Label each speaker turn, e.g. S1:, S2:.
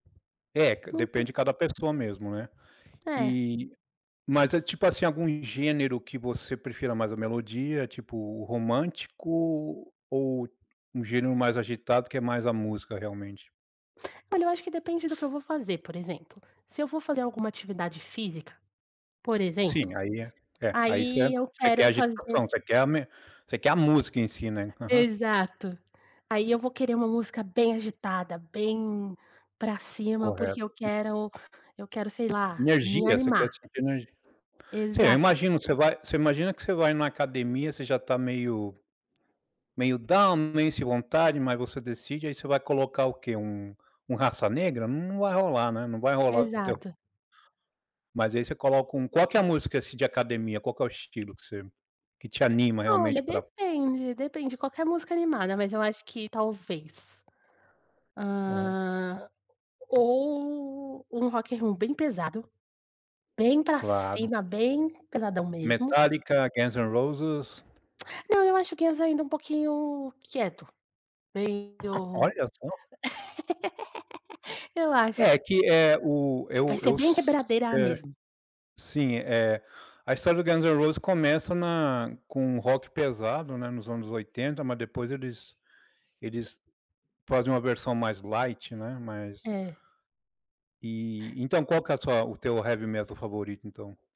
S1: É ca
S2: Não
S1: depende
S2: ter
S1: de cada pessoa mesmo, né.
S2: É.
S1: E mas é, tipo assim, algum gênero que você prefira mais a melodia, tipo o romântico, ou um gênero mais agitado que é mais a música realmente?
S2: Olha, eu acho que depende do que eu vou fazer, por exemplo, se eu vou fazer alguma atividade física, por exemplo,
S1: Sim, aí é. Aí você
S2: aí eu
S1: você quer
S2: quero fazer
S1: agitação, você quer a me você quer a música em si, né. Aham.
S2: Exato. Aí eu vou querer uma música bem agitada, bem pra cima, porque
S1: Correto.
S2: eu quero eu quero, sei lá, me
S1: Energia, você
S2: animar.
S1: quer sentir ener sim, eu
S2: Exato.
S1: imagino. Você vai você imagina que você vai numa academia, você já tá meio meio down, meio sem vontade, mas você decide, aí você vai colocar o quê? Um um Raça Negra? N não vai rolar, né, não vai rolar o teu
S2: Exato.
S1: mas aí você coloca um qual que é a música, assim, de academia? Qual que é o estilo que você que te anima realmente
S2: Olha,
S1: pra
S2: depende, depende. Qualquer música animada, mas eu acho que talvez,
S1: Hum.
S2: hã, ou um rock and roll bem pesado, bem pra
S1: Claro.
S2: cima, bem pesadão mesmo.
S1: Metallica, Guns and Roses.
S2: Não, eu acho Guns ainda um pouquinho quieto, meio
S1: Olha só!
S2: eu
S1: É,
S2: acho.
S1: que é o
S2: Vai
S1: eu
S2: ser
S1: eu
S2: bem
S1: s
S2: quebradeira
S1: é,
S2: mesmo.
S1: sim, eh, a história do Guns and Roses começa na com um rock pesado, né, nos anos 80, mas depois eles eles fazem uma versão mais light, né, mais
S2: É.
S1: E então, qual que é a sua o teu heavy metal favorito, então?